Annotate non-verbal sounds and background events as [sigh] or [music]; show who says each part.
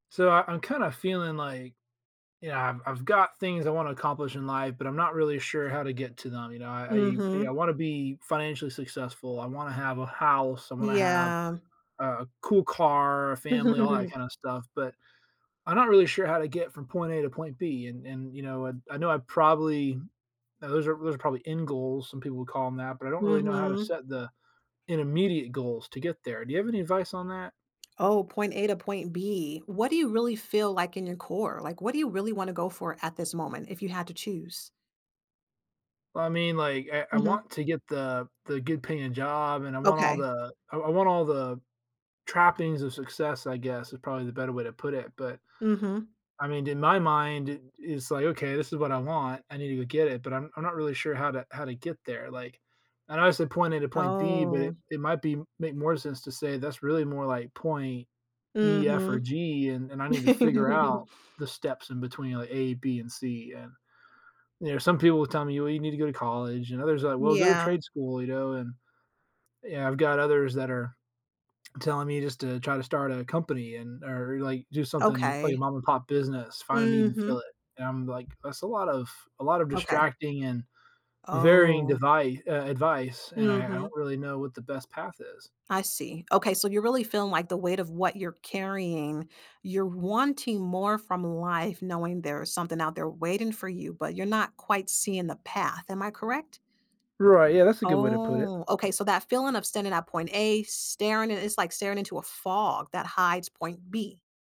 Speaker 1: So, I I'm kinda feeling like, you know, I've I've got things I wanna accomplish in life, but I'm not really sure how to get to them. You know? I I
Speaker 2: Mhm.
Speaker 1: wanna be financially successful. I wanna have a house. I wanna have
Speaker 2: Yeah.
Speaker 1: a cool car, a family, all that
Speaker 2: [chuckles]
Speaker 1: kind of stuff. But I'm not really sure how to get from point A to point B. And and, you know, and I know I probably those are those are probably end goals, some people would call them that, but I don't really know how to
Speaker 2: Mhm.
Speaker 1: set the intermediate goals to get there. Do you have any advice on that?
Speaker 2: Oh, point A to point B. What do you really feel like in your core? Like, what do you really wanna go for at this moment if you had to choose?
Speaker 1: Well, I mean, like, I I want
Speaker 2: Mhm.
Speaker 1: to get the the good paying job, and I want all
Speaker 2: Okay.
Speaker 1: the I I want all the trappings of success, I guess, i probably the better way to put it, but
Speaker 2: Mhm.
Speaker 1: I meaned, in my mind it is like, "Okay, this is what I want. I need to go get it, but I'm I'm not really sure how to how to get there." Like, I know I said point A to point B, but
Speaker 2: Oh.
Speaker 1: it might be make more sense to say that's really more like, point E, F or
Speaker 2: Mhm.
Speaker 1: G and and I need to figure
Speaker 2: [chuckles]
Speaker 1: out the steps in between, like, A, B and C, yeah. You know, some people will tell me, "Well, you need to go to college," and others are like, "Well, go to
Speaker 2: Yeah.
Speaker 1: trade school," you know, and yeah, I've got others that are telling me just to, "Try to start a company and or, like, do something, like, a
Speaker 2: Okay.
Speaker 1: mom-and-pop business, find a need and fill
Speaker 2: Mhm.
Speaker 1: it." And I'm like, "That's a lot of a lot of
Speaker 2: Okay.
Speaker 1: distracting and varying
Speaker 2: Oh.
Speaker 1: devi uh, advice." And I I don't
Speaker 2: Mhm.
Speaker 1: really know what the best path is.
Speaker 2: I see. Okay, so you're really feeling, like, the weight of what you're carrying you're wanting more from life knowing there's something out there waiting for you, but you're not quite seeing the path. Am I correct?
Speaker 1: Right, yeah. That's a good way to put it.
Speaker 2: Oh, okay. So, that feeling of standing at point A staring i it's like staring into a fog that hides point B.